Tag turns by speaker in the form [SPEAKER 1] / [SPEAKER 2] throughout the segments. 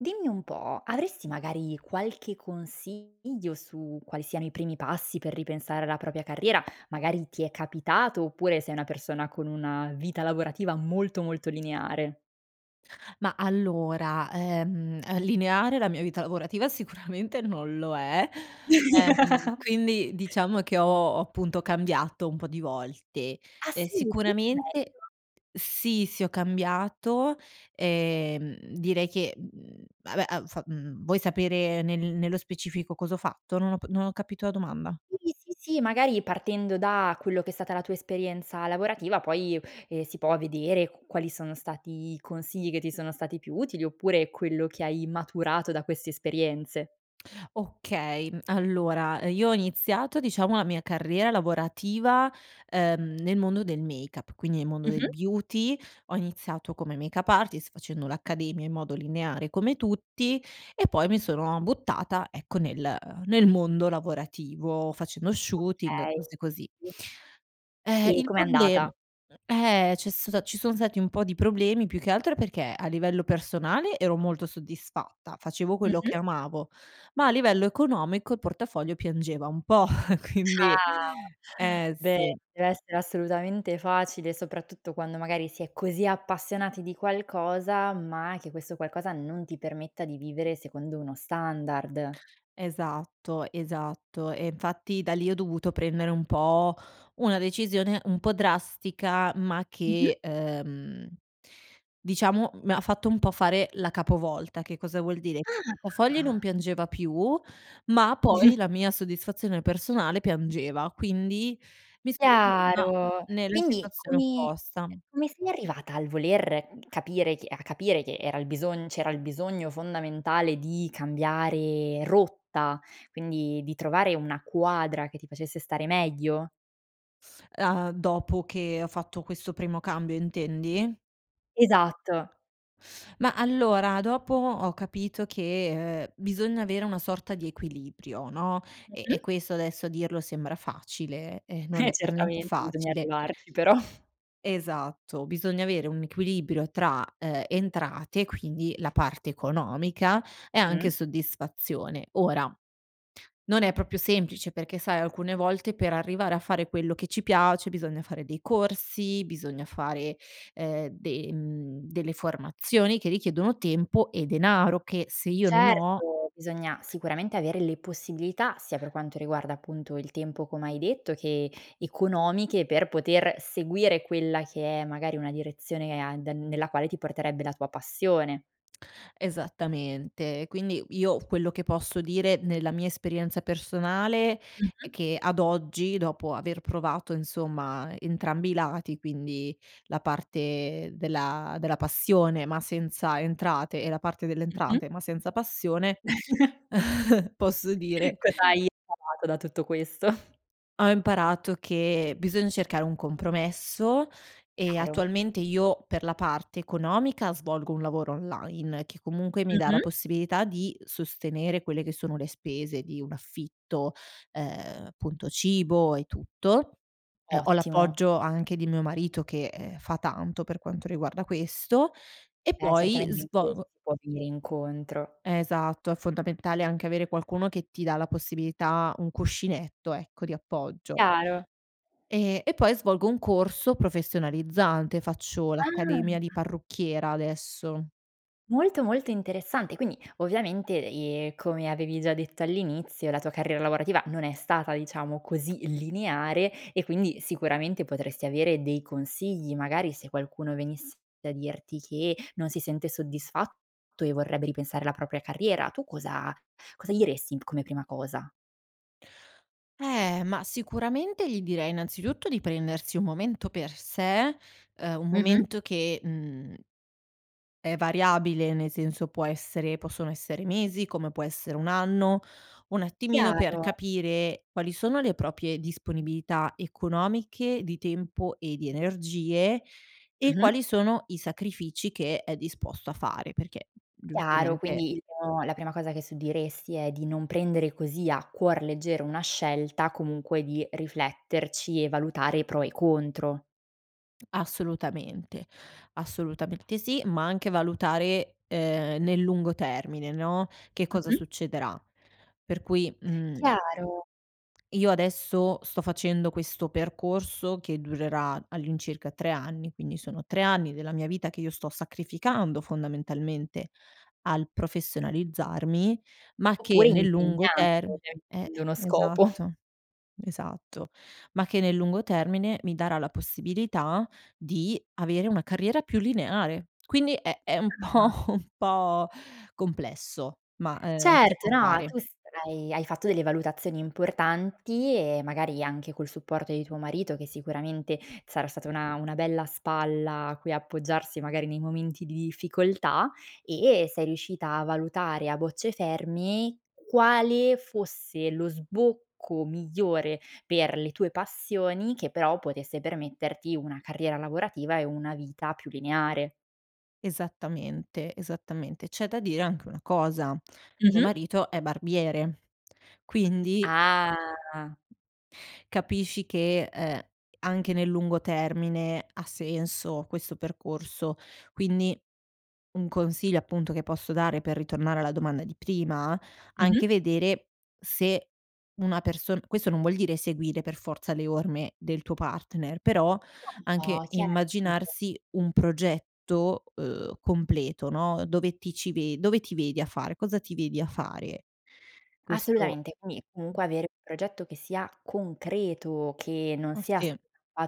[SPEAKER 1] Dimmi un po', avresti magari qualche consiglio su quali siano i primi passi per ripensare alla propria carriera? Magari ti è capitato oppure, sei una persona con una vita lavorativa molto, molto lineare.
[SPEAKER 2] Ma allora, uhm, uhm, lineare la mia vita lavorativa sicuramente non lo è, ehm, quindi diciamo che ho appunto cambiato un po' di volte,
[SPEAKER 1] Ah,
[SPEAKER 2] ehm,
[SPEAKER 1] sì? [unintelligible]
[SPEAKER 2] sicuramente
[SPEAKER 1] Meglio.
[SPEAKER 2] sì, sì, ho cambiato, ehm, direi che, mhmm, vabbè han fa mhmm, vuoi sapere nel nello specifico cos'ho fatto? Non ho p non ho capito la domanda.
[SPEAKER 1] Sì, sì, sì magari partendo da quello che è stata la tua esperienza lavorativa, poi, ehm, si può vedere q quali sono stati i consigli che ti sono stati più utili, oppure quello che hai maturato da queste esperienze.
[SPEAKER 2] Okay, mhmm, allora io ho iniziato, diciamo a mia carriera lavorativa, ehm, nel mondo del make-up, quindi nel mondo del
[SPEAKER 1] Mh-mh.
[SPEAKER 2] beauty, ho iniziato come make-up artist, facendo l'accademia in modo lineare come tutti, e poi mi sono buttata, ecco, nel nel mondo lavorativo, facendo shooting,
[SPEAKER 1] Okay.
[SPEAKER 2] cose così. Ehm,
[SPEAKER 1] E
[SPEAKER 2] il
[SPEAKER 1] com'è
[SPEAKER 2] problem
[SPEAKER 1] andata?
[SPEAKER 2] mhmm, ehm, c'è stata ci sono stati un po' di problemi, più che altro perché, a livello personale ero molto soddisfatta, facevo quello
[SPEAKER 1] Mh-mh.
[SPEAKER 2] che amavo, ma a livello economico, il portafoglio piangeva un po' quindi,
[SPEAKER 1] Ah
[SPEAKER 2] eh
[SPEAKER 1] beh,
[SPEAKER 2] sì.
[SPEAKER 1] dev'essere assolutamente facile, soprattutto quando magari si è così appassionati di qualcosa, ma che questo qualcosa non ti permetta di vivere secondo uno standard.
[SPEAKER 2] Esatto, esatto, e infatti da lì ho dovuto prendere un po' una decisione, un po' drastica, ma
[SPEAKER 1] Mh-mh.
[SPEAKER 2] che, uhm, diciamo mi ha fatto un po' fare la capovolta, che cosa vuol dire, portafogli non
[SPEAKER 1] Ah!
[SPEAKER 2] piangeva più, ma poi la mia soddisfazione personale piangeva, quindi mi sono trovata
[SPEAKER 1] Chiaro.
[SPEAKER 2] nella
[SPEAKER 1] Quindi
[SPEAKER 2] situazione
[SPEAKER 1] come, ehm,
[SPEAKER 2] opposta.
[SPEAKER 1] come sei arrivata al voler capire che a capire che era il bisogn c'era il bisogno fondamentale di cambiare rotta, quindi di trovare una quadra che ti facesse stare meglio?
[SPEAKER 2] E uhm, dopo che ho fatto questo primo cambio, intendi?
[SPEAKER 1] Esatto.
[SPEAKER 2] Ma allora dopo ho capito che, ehm, bisogna avere una sorta di equilibrio, no, e e
[SPEAKER 1] Mh-mh.
[SPEAKER 2] questo adesso a dirlo sembra facile, eh non
[SPEAKER 1] Eh,
[SPEAKER 2] è per niente
[SPEAKER 1] certamente bisogna
[SPEAKER 2] facile.
[SPEAKER 1] arrivarci però.
[SPEAKER 2] Esatto. Bisogna avere un equilibrio tra, ehm, entrate, quindi la parte economica e anche
[SPEAKER 1] Mh.
[SPEAKER 2] soddisfazione. Ora non è proprio semplice perché sai alcune volte per arrivare a fare quello che ci piace bisogna fare dei corsi, bisogna fare, ehm, de mhmm, delle formazioni che richiedono tempo e denaro, che se io non ho
[SPEAKER 1] Certo! Bisogna sicuramente avere le possibilità, sia per quanto riguarda appunto il tempo come hai detto che, economiche per poter seguire quella che è magari una direzione e a den nella quale ti porterebbe la tua passione.
[SPEAKER 2] Esattamente, quindi io quello che posso dire nella mia esperienza personale è
[SPEAKER 1] Mh-mh.
[SPEAKER 2] che ad oggi, dopo aver provato insomma, entrambi i lati, quindi la parte della della passione, ma senza entrate e la parte delle
[SPEAKER 1] Mh-mh.
[SPEAKER 2] entrate, ma senza passione posso dire
[SPEAKER 1] Cosa hai imparato da tutto questo?
[SPEAKER 2] Ho imparato che bisogna cercare un compromesso. E
[SPEAKER 1] Chiaro.
[SPEAKER 2] attualmente io, per la parte economica svolgo un lavoro online, che comunque mi dà la
[SPEAKER 1] Mh-mh.
[SPEAKER 2] possibilità di sostenere quelle che sono le spese di un affitto, ehm, appunto, cibo e tutto. Ehm, ho
[SPEAKER 1] Ottimo.
[SPEAKER 2] l'appoggio anche di mio marito che, ehm, fa tanto per quanto riguarda questo. E
[SPEAKER 1] Eh,
[SPEAKER 2] poi,
[SPEAKER 1] certamente in ques
[SPEAKER 2] svo
[SPEAKER 1] si può venire incontro.
[SPEAKER 2] Esatto. È fondamentale anche avere qualcuno che ti dà la possibilità un cuscinetto ecco, di appoggio.
[SPEAKER 1] Chiaro.
[SPEAKER 2] Ehm, e poi svolgo un corso professionalizzante. Faccio l'accademia di
[SPEAKER 1] Ah.
[SPEAKER 2] parrucchiera adesso.
[SPEAKER 1] Molto, molto interessante. Quindi ovviamente, ehm, come avevi già detto all'inizio, la tua carriera lavorativa non è stata, diciamo, così lineare e quindi, sicuramente potresti avere dei consigli, magari se qualcuno venisse a dirti che non si sente soddisfatto e vorrebbe ripensare alla propria carriera. Tu, cosa cosa gli resti come prima cosa?
[SPEAKER 2] Eh, ma sicuramente gli direi innanzitutto di prendersi un momento per sé, uhm, un
[SPEAKER 1] Mh-mh.
[SPEAKER 2] momento che, mhmm è variabile, nel senso può essere possono essere mesi, come può essere 1 anno, un attimino per
[SPEAKER 1] Chiaro.
[SPEAKER 2] capire quali sono le proprie disponibilità economiche, di tempo e di energie, e quali
[SPEAKER 1] Mh-mh.
[SPEAKER 2] sono i sacrifici che è disposto a fare, perché
[SPEAKER 1] Chiaro,
[SPEAKER 2] giustamente
[SPEAKER 1] quindi il mo la prima cosa che su diresti è di non prendere così a cuor leggero una scelta, comunque di rifletterci e valutare i pro e i contro.
[SPEAKER 2] Assolutamente. Assolutamente sì, ma anche valutare, ehm, nel lungo termine, no, che cosa
[SPEAKER 1] Mh-mh.
[SPEAKER 2] succederà, per cui, uhm
[SPEAKER 1] Chiaro.
[SPEAKER 2] io adesso sto facendo questo percorso che durerà all'incirca 3 anni. Quindi sono 3 anni della mia vita che io sto sacrificando, fondamentalmente al professionalizzarmi, ma che
[SPEAKER 1] Oppure
[SPEAKER 2] nel lungo
[SPEAKER 1] impegnando,
[SPEAKER 2] term
[SPEAKER 1] ovviamen
[SPEAKER 2] eh
[SPEAKER 1] avendo uno scopo.
[SPEAKER 2] esatto. Esatto, ma che nel lungo termine mi darà la possibilità di avere una carriera più lineare. Quindi è è un po'
[SPEAKER 1] [unintelligible]
[SPEAKER 2] un po' complesso, ma, ehm, si può
[SPEAKER 1] Certo, no,
[SPEAKER 2] fare.
[SPEAKER 1] tu sarai hai fatto delle valutazioni importanti e magari anche col supporto di tuo marito, che sicuramente sarà stata una una bella spalla a cui appoggiarsi, magari nei momenti di difficoltà, e sei riuscita a valutare a bocce ferme, quale fosse lo sbocco migliore per le tue passioni, che però potesse permetterti una carriera lavorativa e una vita più lineare.
[SPEAKER 2] Esattamente, esattamente. C'è da dire anche una cosa, mio
[SPEAKER 1] Mh-mh.
[SPEAKER 2] marito è barbiere, quindi
[SPEAKER 1] Ah.
[SPEAKER 2] capisci che, ehm, anche nel lungo termine ha senso questo percorso. Quindi, un consiglio appunto che posso dare per ritornare alla domanda di prima, anche
[SPEAKER 1] Mh-mh.
[SPEAKER 2] vedere, se una person questo non vuol dire seguire per forza le orme del tuo partner però, anche
[SPEAKER 1] No, chia [unintelligible]
[SPEAKER 2] immaginarsi un progetto, uhm, completo, no, dove ti ci ve dove ti vedi a fare, cosa ti vedi a fare? Questo
[SPEAKER 1] Assolutamente, quindi comunque avere progetto che sia concreto, che non
[SPEAKER 2] Ah,
[SPEAKER 1] sia s
[SPEAKER 2] sì.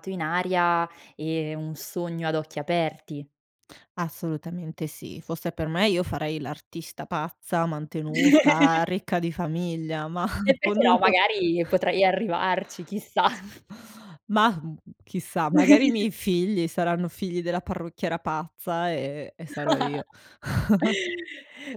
[SPEAKER 1] [unintelligible] in aria e un sogno ad occhi aperti.
[SPEAKER 2] Assolutamente sì. Fosse per me, io farei l'artista pazza, mantenuta, ricca di famiglia, ma
[SPEAKER 1] E perché no,
[SPEAKER 2] [unintelligible]
[SPEAKER 1] magari potrai arrivarci. Chissà.
[SPEAKER 2] Ma, mhmm, chissà, magari i miei figli saranno figli della parrucchiera pazza, ehm, e sarò io.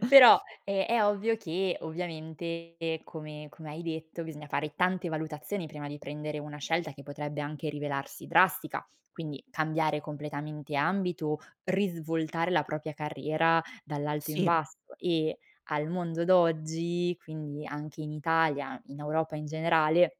[SPEAKER 1] Però, è è ovvio che ovviamente come come hai detto, bisogna fare tante valutazioni prima di prendere una scelta che potrebbe anche rivelarsi drastica, quindi cambiare completamente ambito, risvoltare la propria carriera dall'alto in
[SPEAKER 2] Sì.
[SPEAKER 1] basso e, al mondo d'oggi, quindi anche in Italia, in Europa in generale,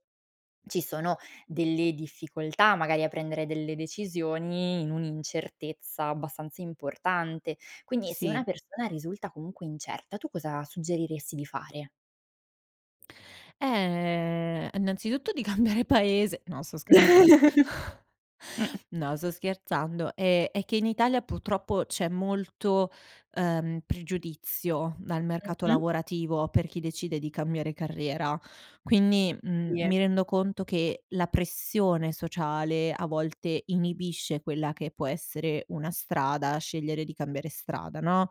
[SPEAKER 1] ci sono delle difficoltà magari a prendere delle decisioni, in un'incertezza abbastanza importante, quindi se
[SPEAKER 2] Sì.
[SPEAKER 1] una persona risulta comunque incerta, tu cosa suggeriresti di fare?
[SPEAKER 2] Ehm, innanzitutto di cambiare paese. No, sto scherzando. No, sto scherzando, è è che in Italia purtroppo c'è molto, ehm, pregiudizio dal mercato
[SPEAKER 1] Mh-mh.
[SPEAKER 2] lavorativo per chi decide di cambiare carriera. Quindi, mhmm,
[SPEAKER 1] Sì.
[SPEAKER 2] mi rendo conto che la pressione sociale a volte inibisce quella che può essere una strada, scegliere di cambiare strada, no.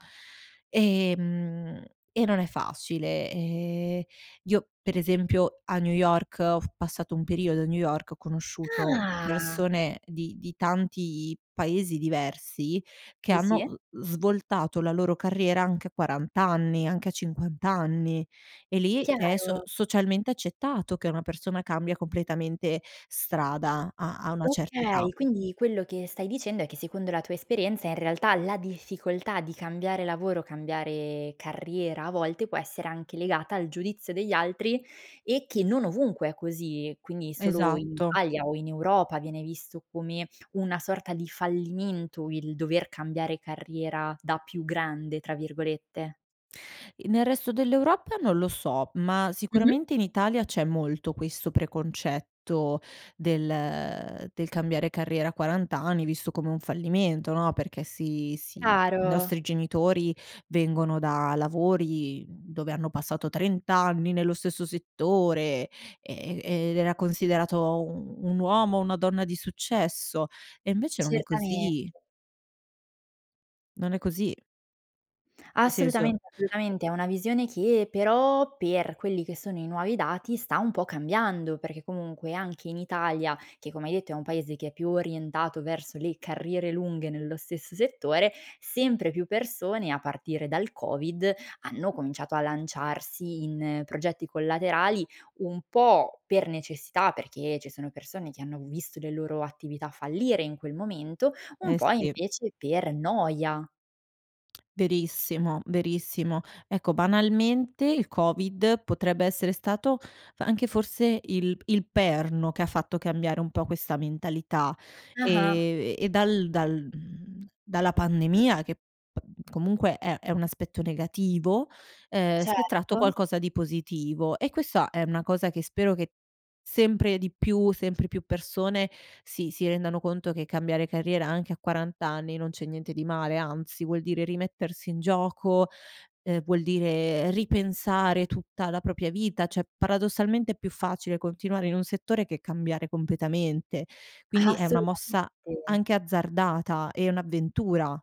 [SPEAKER 2] Ehm, e non è facile. Ehm, io per esempio, a New York ho f passato un periodo a New York, ho conosciuto
[SPEAKER 1] Ah.
[SPEAKER 2] persone di di tanti paesi diversi che
[SPEAKER 1] Di
[SPEAKER 2] hanno,
[SPEAKER 1] sì.
[SPEAKER 2] uhm, svoltato la loro carriera anche a 40 anni, anche a 50 anni. E lì è so
[SPEAKER 1] Chiaro.
[SPEAKER 2] socialmente accettato che una persona cambia completamente strada a a una certa età.
[SPEAKER 1] Okay, quindi quello che stai dicendo è che secondo la tua esperienza in realtà la difficoltà di cambiare lavoro, cambiare carriera a volte può essere anche legata al giudizio degli altri, e che non ovunque è così. Quindi solo in
[SPEAKER 2] Esatto.
[SPEAKER 1] Italia o in Europa viene visto come una sorta di fallimento, il dover cambiare carriera "da più grande", tra virgolette.
[SPEAKER 2] E nel resto dell'Europa non lo so, ma
[SPEAKER 1] Mh-mh.
[SPEAKER 2] sicuramente in Italia c'è molto questo preconcetto, del del cambiare carriera a 40 anni, visto come un fallimento, no, perché si si i
[SPEAKER 1] Chiaro.
[SPEAKER 2] nostri genitori vengono da lavori, mhmm, dove hanno passato 30 anni nello stesso settore, ehm, e ed era considerato un un uomo o una donna di successo e invece non è
[SPEAKER 1] Certamente.
[SPEAKER 2] così. Non è così. Nel senso
[SPEAKER 1] Assolutament assolutamente, è una visione che però, per quelli che sono i nuovi dati sta un po' cambiando, perché comunque, anche in Italia, che come hai detto, è un paese che è più orientato verso le carriere lunghe nello stesso settore, sempre più persone a partire dal COVID, hanno cominciato a lanciarsi in progetti collaterali, un po' per necessità, perché ci sono persone che hanno visto le loro attività fallire in quel momento, un
[SPEAKER 2] Eh,
[SPEAKER 1] po'
[SPEAKER 2] sì.
[SPEAKER 1] invece per noia.
[SPEAKER 2] Verissimo, verissimo, ecco, banalmente, il Covid potrebbe essere stato, anche forse il p il perno che ha fatto cambiare un po' questa mentalità,
[SPEAKER 1] Ah-ah.
[SPEAKER 2] ehm, e dal dal mhmm, dalla pandemia che pa comunque è è un aspetto negativo, ehm, si è tratto
[SPEAKER 1] Certo.
[SPEAKER 2] qualcosa di positivo; e questa è una cosa che spero che, sempre di più, sempre più persone si, si rendano conto che cambiare carriera anche a 40 anni, non c'è niente di male, anzi vuol dire rimettersi in gioco, ehm, vuol dire ripensare tutta la propria vita, cioè paradossalmente è più facile continuare in un settore che cambiare completamente, quindi è una
[SPEAKER 1] Assolutamente.
[SPEAKER 2] mossa anche azzardata e un'avventura.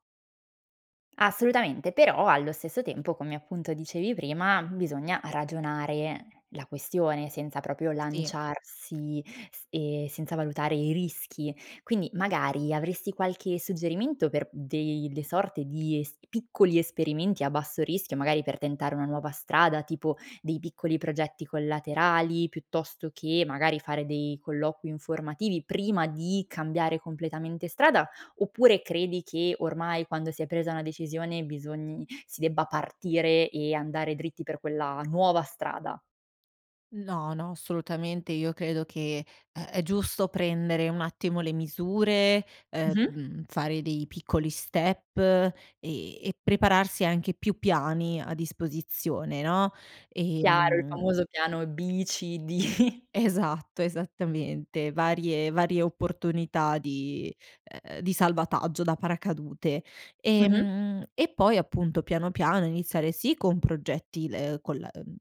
[SPEAKER 1] Assolutamente, però allo stesso tempo, come appunto dicevi prima, bisogna ragionare. La questione senza proprio
[SPEAKER 2] Sì.
[SPEAKER 1] lanciarsi s ehm, senza valutare i rischi. Quindi magari avresti qualche suggerimento per dei le sorte di es piccoli esperimenti a basso rischio, magari per tentare una nuova strada, tipo dei piccoli progetti collaterali, piuttosto che magari fare dei colloqui informativi, prima di cambiare completamente strada, oppure credi che ormai quando si è presa una decisione, bisogni si debba partire e andare dritti per quella nuova strada?
[SPEAKER 2] No, no, assolutamente. Io credo che, ehm, è giusto prendere un attimo le misure,
[SPEAKER 1] Mh-mh.
[SPEAKER 2] ehm, fare dei piccoli step ehm, e prepararsi anche più piani a disposizione, no?
[SPEAKER 1] Chiaro il
[SPEAKER 2] Ehm
[SPEAKER 1] famoso piano B-C-D.
[SPEAKER 2] Esatto, esattamente, varie varie opportunità di, uhm, di salvataggio da paracadute.
[SPEAKER 1] Mh-mh.
[SPEAKER 2] Ehm, e poi, appunto, piano, piano iniziare sì con progetti, ehm, col uhm,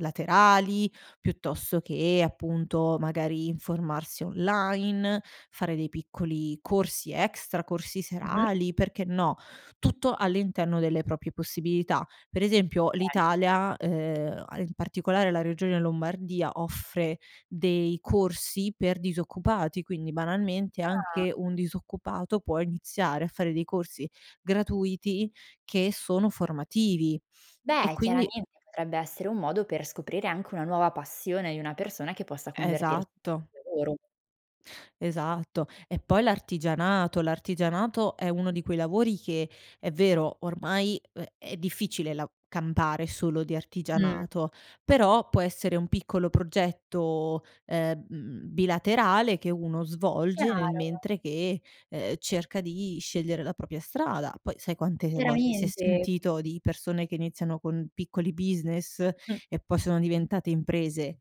[SPEAKER 2] laterali, piuttosto che appunto, magari informarsi online, fare dei piccoli corsi extra, corsi
[SPEAKER 1] Mh-mh.
[SPEAKER 2] serali. Perché no? Tutto all'interno delle proprie possibilità. Per esempio,
[SPEAKER 1] Okay.
[SPEAKER 2] l'Italia, uhm, in particolare la regione Lombardia, offre dei corsi per disoccupati, quindi banalmente
[SPEAKER 1] Ah.
[SPEAKER 2] anche un disoccupato può iniziare a fare dei corsi gratuiti che sono formativi e
[SPEAKER 1] Beh,
[SPEAKER 2] quindi
[SPEAKER 1] chiaramente potrebbe essere un modo per scoprire anche una nuova passione di una persona che possa convertir [unintelligible]
[SPEAKER 2] Esatto.
[SPEAKER 1] lavoro.
[SPEAKER 2] Esatto, e poi l'artigianato l'artigianato è uno di quei lavori che, è vero, ormai, ehm è difficile la campare solo di
[SPEAKER 1] Mh.
[SPEAKER 2] artigianato però può essere un piccolo progetto, ehm, bilaterale che uno svolge nel
[SPEAKER 1] Chiaro.
[SPEAKER 2] mentre che, ehm, cerca di scegliere la propria strada. Poi sai quante volte, si è
[SPEAKER 1] Chiaramente.
[SPEAKER 2] sentito di persone che iniziano con piccoli business
[SPEAKER 1] Mh-mh.
[SPEAKER 2] e poi sono diventate imprese.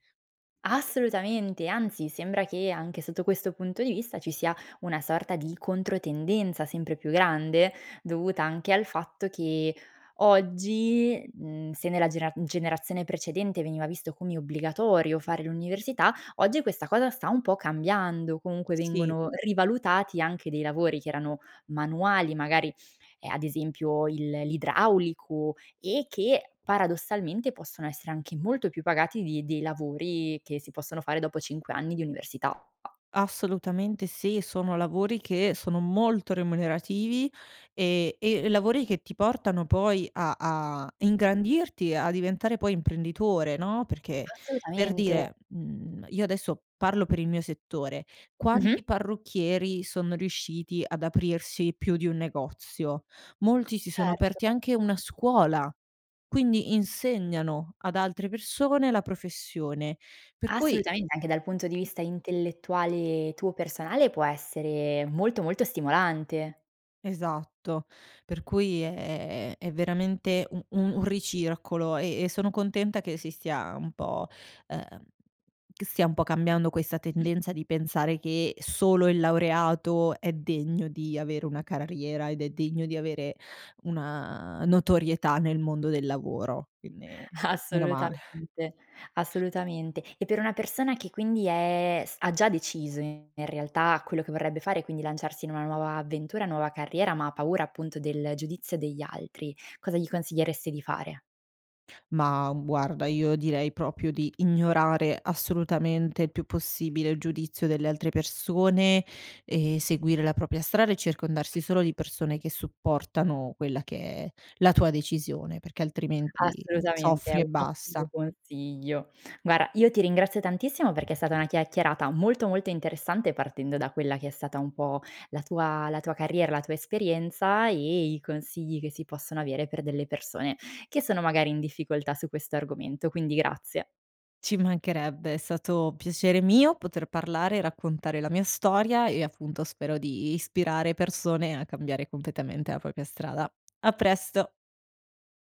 [SPEAKER 1] Assolutamente, anzi, sembra che anche sotto questo punto di vista ci sia una sorta di controtendenza sempre più grande, dovuta anche al fatto che, oggi uhm, se nella genera generazione precedente veniva visto come obbligatorio fare l'università, oggi questa cosa sta un po' cambiando, comunque
[SPEAKER 2] Sì.
[SPEAKER 1] vengono rivalutati anche dei lavori che erano manuali, magari, ehm, ad esempio il l'idraulico e che, paradossalmente possono essere anche molto più pagati di dei lavori che si possono fare dopo 5 anni di università.
[SPEAKER 2] Assolutamente sì, sono lavori che sono molto remunerativi, e e lavori che ti portano poi a a ingrandirti, a diventare poi imprenditore, no, perché per
[SPEAKER 1] Assolutamente.
[SPEAKER 2] dire, mhmm, io adesso parlo per il mio settore,
[SPEAKER 1] Mh-mh.
[SPEAKER 2] quanti parrucchieri sono riusciti ad aprirsi più di un negozio? Molti si sono
[SPEAKER 1] Certo.
[SPEAKER 2] aperti anche una scuola, quindi insegnano ad altre persone la professione, per cui
[SPEAKER 1] Assolutamente, anche dal punto di vista intellettuale tuo personale, può essere molto molto stimolante.
[SPEAKER 2] Esatto, per cui, ehm, è veramente un un un ricircolo e e sono contenta che si stia un po ehm, che stia un po' cambiando questa tendenza di pensare che solo il laureato è degno di avere una carriera ed è degno di avere una notorietà nel mondo del lavoro, quindi meno male.
[SPEAKER 1] Assolutamente, assolutamente. E per una persona che quindi è s ha già deciso in realtà quello che vorrebbe fare e quindi lanciarsi in una nuova avventura, nuova carriera, ma ha paura appunto del giudizio degli altri, cosa gli consiglieresti di fare?
[SPEAKER 2] Ma, uhm, guarda, io direi proprio di ignorare assolutamente il più possibile il giudizio delle altre persone e seguire la propria strada e circondarsi solo di persone che supportano quella che è la tua decisione, perché altrimenti
[SPEAKER 1] Assolutamente, è
[SPEAKER 2] soffri e
[SPEAKER 1] un ottimo
[SPEAKER 2] basta.
[SPEAKER 1] consiglio. Guarda, io ti ringrazio tantissimo perché è stata una chiacchierata molto, molto interessante partendo da quella che è stata un po' la tua la tua carriera, la tua esperienza e i consigli che si possono avere per delle persone, che sono magari in difficoltà su questo argomento, quindi grazie.
[SPEAKER 2] Ci mancherebbe, è stato piacere mio poter parlare e raccontare la mia storia e appunto spero di ispirare persone a cambiare completamente a propria strada. A presto.